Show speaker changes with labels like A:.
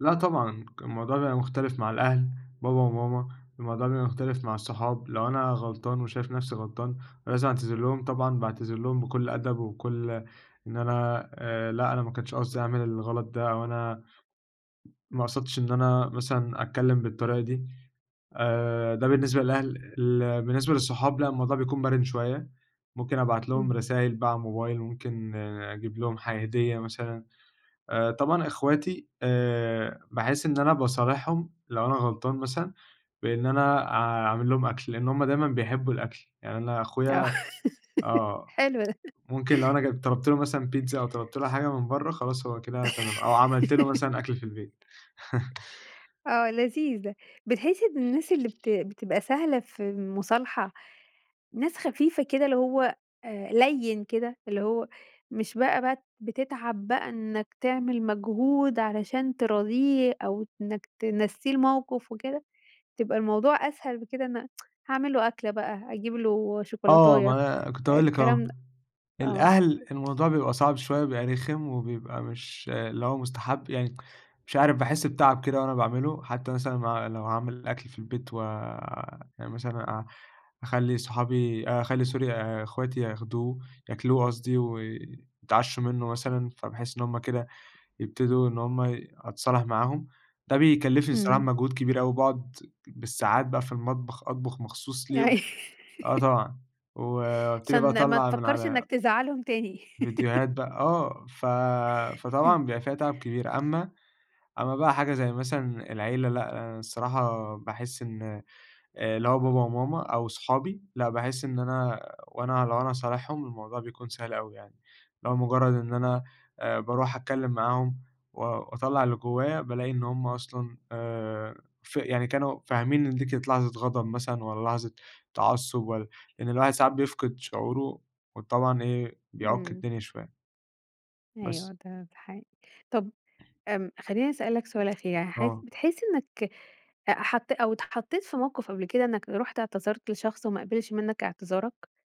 A: لا طبعًا، الموضوع بيبقى مختلف مع الأهل، بابا وماما، الموضوع بيبقى مختلف مع الصحاب، لو أنا غلطان وشايف نفْسي غلطان، لازم أعتذر لهم طبعًا باعتذر لهم بكلّ أدب وبكلّ إن أنا آآ لأ أنا ما كانش قصدي أعمل الغلط ده، أو أنا ما اقصدتش إن أنا مثلًا اتكلّم بالطريقة دي، آآ ده بالنسبة للأهل ال بالنسبة للصحاب لأ الموضوع بيكون مَرن شوية، ممكن ابعت لهم
B: إمم.
A: رسايل بقى على الموبايل وممكن أجيب لهم حا هدية مثلًا، آآ طبعًا إخواتي آآ باحس إن أنا باصالحهم، لو أنا غلطان مثلًا، بإن أنا أع أعمل لهم أكل، لإن هُم دايمًا بيحبوا الأكل، يعني أنا
B: آه،
A: أخويا آه،
B: حلو ده.
A: ممكن لو أنا جب طلبت له مثلًا بيتزا أو طلبت له حاجة من برّه، خلاص هو كده تمام، أو عملت له مثلًا أكل في البيت.
B: آه لذيذة، بتحسّ إن الناس اللي بت بتبقى سهلة في المُصالحة، ناس خفيفة كده اللي هو آآ ليّن كده، اللي هو مش بقى بت بتتعب بقى إنّك تعمل مجهود علشان تراضيه، أو إنّك تنسّيه الموقف وكده، تبقى الموضوع أسهل بكده إن هاعمل له أكلة بقى، أجيب له
A: آه
B: شوكالاتاية،
A: ما كنت هاقول لِك أهو،
B: الكلام ده، آه.
A: الأهل الموضوع بيبقى صعب شوية بيبقى رخم وبيبقى مش اللي هو مستحب، يعني مش عارف باحس بتعب كده وأنا باعمله، حتّى مثلًا ب لو هاعمل أكل في البيت ويعني مثلًا أ أخلّي صحابي أخلّي sorry آآ إخواتي ياخدوه ياكلوه قصدي وي يتعشوا منُّه مثلًا، فباحس إن هُم كده يبتدوا إن هُم ي أتصالح معاهم، ده بيكلّفني الصراحة
B: إمم.
A: مجهود كبير أوي باقعُد بالساعات بقى في المطبخ أطبخ مخصوص ليهم،
B: أي
A: آه طبعًا، وابتدي بقى
B: عشان ما
A: اطلّع من
B: تفكّرش إنّك
A: على
B: تزعّلهم تاني.
A: فيديوهات بقى آه ف فطبعًا بيبقى فيها تعب كبير، أمّا أمّا بقى حاجة زي مثلًا العيلة لأ الصراحة باحس إن آآ اللي هو بابا وماما أو صحابي، لأ باحس إن أنا وأنا لو أنا هاصالحهم، الموضوع بيكون سهل أوي يعني، اللي هو مجرّد إن أنا آآ باروح اتكلّم معاهم، و واطلّع اللي جوايا بالاقي إن هُم أصلًا آآ ف يعني كانوا فاهمين إن دي كانت لحظة غضب مثلًا والّا لحظة تعصُّب، والّا لإن الواحد ساعات بيفقد شعوره وطبعًا إيه، بيعُك
B: إمم.
A: الدنيا شوية. بس.
B: أيوه، [unintelligible] طَب آمم خلّيني اسألك سؤال أخير يعني حاس
A: آه.
B: بتحس إنّك أ حط أو اتحطّيت في موقف قبل كده إنّك رُحت اعتذرت لشخص وما قبلش منّك اعتذارك؟